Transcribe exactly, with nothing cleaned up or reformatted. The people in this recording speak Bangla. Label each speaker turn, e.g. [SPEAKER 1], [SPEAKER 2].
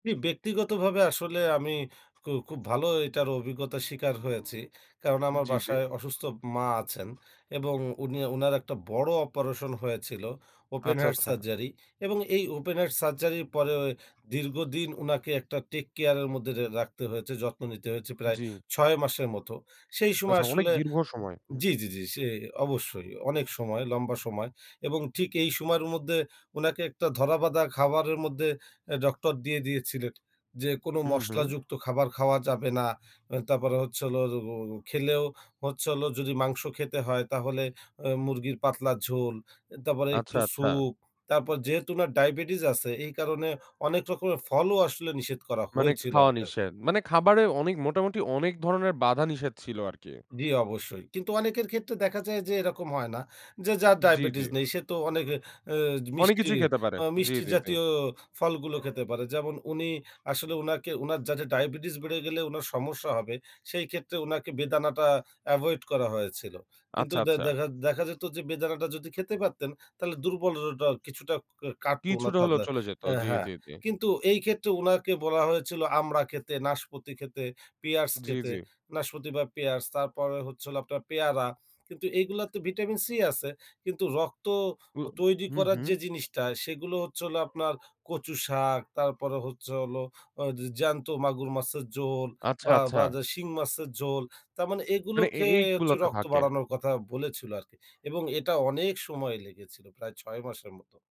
[SPEAKER 1] আমি ব্যক্তিগতভাবে আসলে আমি খু খুব ভালো এ এটার অভিজ্ঞতা স্বীকার হয়েছি। কারণ আমার
[SPEAKER 2] জি, জি।
[SPEAKER 1] বাসায় অসুস্থ ম মা আছেন এবং উনি, উনার একটা বড় অপারেশন হয়েছিল। ওপেন
[SPEAKER 2] আচ্ছা,
[SPEAKER 1] হার্ট
[SPEAKER 2] আচ্ছা।
[SPEAKER 1] সার্জারি এবং এই ওপেন হার্ট সার্জারির পরে দীর্ঘদিন উনাকে একটা টেক কেয়ারের মধ্যে রে রাখতে হয়েছে, যত্ন নিতে হয়েছে প্রায়
[SPEAKER 2] জি।
[SPEAKER 1] ছয় মাসের মত। সেই সময়
[SPEAKER 2] আচ্ছা অনেক
[SPEAKER 1] আসলে
[SPEAKER 2] দীর্ঘ সময়।
[SPEAKER 1] জি, জি, জি, সে অবশ্যই অনেক সময়, লম্বা সময় এবং ঠিক এই সময়ের মধ্যে উনাকে একটা ধরা বাঁধা খাবারের মধ্যে অ্যা ডক্টর দিয়ে দিয়েছিলেন। যে, কোন
[SPEAKER 2] হুম,
[SPEAKER 1] মশলা
[SPEAKER 2] হুম।
[SPEAKER 1] যুক্ত খাবার খাওয়া যাবে না। আ তারপরে হচ্ছে হলো ও ও খেলেও হচ্ছে হলো যদি মাংস খেতে হয় তাহলে আ মুরগির পাতলা ঝোল, এ তারপরে
[SPEAKER 2] আচ্ছা,
[SPEAKER 1] একটু
[SPEAKER 2] আচ্ছা।
[SPEAKER 1] সুপ, তারপর যেহেতু ওনার ডায়াবেটিস আছে এই কারণে অনেক রকমের ফলও আসলে নিষেধ করা
[SPEAKER 2] মানে
[SPEAKER 1] হয়েছিল
[SPEAKER 2] খাওয়া
[SPEAKER 1] আরকার।
[SPEAKER 2] নিষেধ। মানে খাবারে অনেক মোটামুটি অনেক ধরনের বাধা নিষেধ ছিল আরকি।
[SPEAKER 1] জি, অবশ্যই কিন্তু অনেকের ক্ষেত্রে দেখা যায় যে এরকম হয় না। যে যার
[SPEAKER 2] জি, জি।
[SPEAKER 1] ডায়াবেটিস নেই সে তো অনেক অ্যা
[SPEAKER 2] অনেক
[SPEAKER 1] মিষ্টি
[SPEAKER 2] কিছুই খেতে পারে।
[SPEAKER 1] আ
[SPEAKER 2] জি,
[SPEAKER 1] মিষ্টি
[SPEAKER 2] জি, জি।
[SPEAKER 1] জাতীয় ফলগুলো খেতে পারে। যেমন উনি আসলে উনাকে উনার যাতে ডায়াবেটিস বেড়ে গেলে উনার সমস্যা হবে সেই ক্ষেত্রে উনাকে বেদানাটা এভয়েড করা হয়েছিল। কিন্তু
[SPEAKER 2] আচ্ছা,
[SPEAKER 1] দে
[SPEAKER 2] আচ্ছা।
[SPEAKER 1] দেখা দেখা, যেত যে বেদানাটা যদি খেতে পারতেন তাহলে দুর্বললটা কিছুটা কা কাটত উনার
[SPEAKER 2] কিছুটা
[SPEAKER 1] তা
[SPEAKER 2] হলেও
[SPEAKER 1] যা,
[SPEAKER 2] চলে যেতো।
[SPEAKER 1] আ
[SPEAKER 2] জি,
[SPEAKER 1] হ্যাঁ,
[SPEAKER 2] জি, জি।
[SPEAKER 1] কিন্তু এই ক্ষেত্রে উনাকে বলা হয়েছিল আমড়া খেতে, নাশপতি খেতে, পিয়ার্স
[SPEAKER 2] জি,
[SPEAKER 1] খেতে,
[SPEAKER 2] জি।
[SPEAKER 1] নাশপতি বা পিয়ার্স তারপরে হচ্ছে হলো আপনার পেয়ারা। কিন্তু এগুলা তো Vitamin C আছে কিন্তু রক্ত
[SPEAKER 2] উ,
[SPEAKER 1] অ তৈরি
[SPEAKER 2] হু,
[SPEAKER 1] করার
[SPEAKER 2] হুম।
[SPEAKER 1] যে জিনিসটা সেগুলো হচ্ছে হলো আপনার কচু শাক, তারপরে হচ্ছে হলো আ জ জ্যান্ত মাগুর মাছের ঝোল
[SPEAKER 2] আচ্ছা,
[SPEAKER 1] বা
[SPEAKER 2] আচ্ছা।
[SPEAKER 1] বা, যে শিং মাছের ঝোল, তার মানে এগুলো
[SPEAKER 2] মানে এ
[SPEAKER 1] খেয়ে হচ্ছে
[SPEAKER 2] এইগুলাতে
[SPEAKER 1] রক্ত
[SPEAKER 2] থাকে।
[SPEAKER 1] বাড়ানোর কথা বলেছিলো আরকি এবং এটা অনেক সময় লেগেছিল প্রায় ছয় মাসের মতো।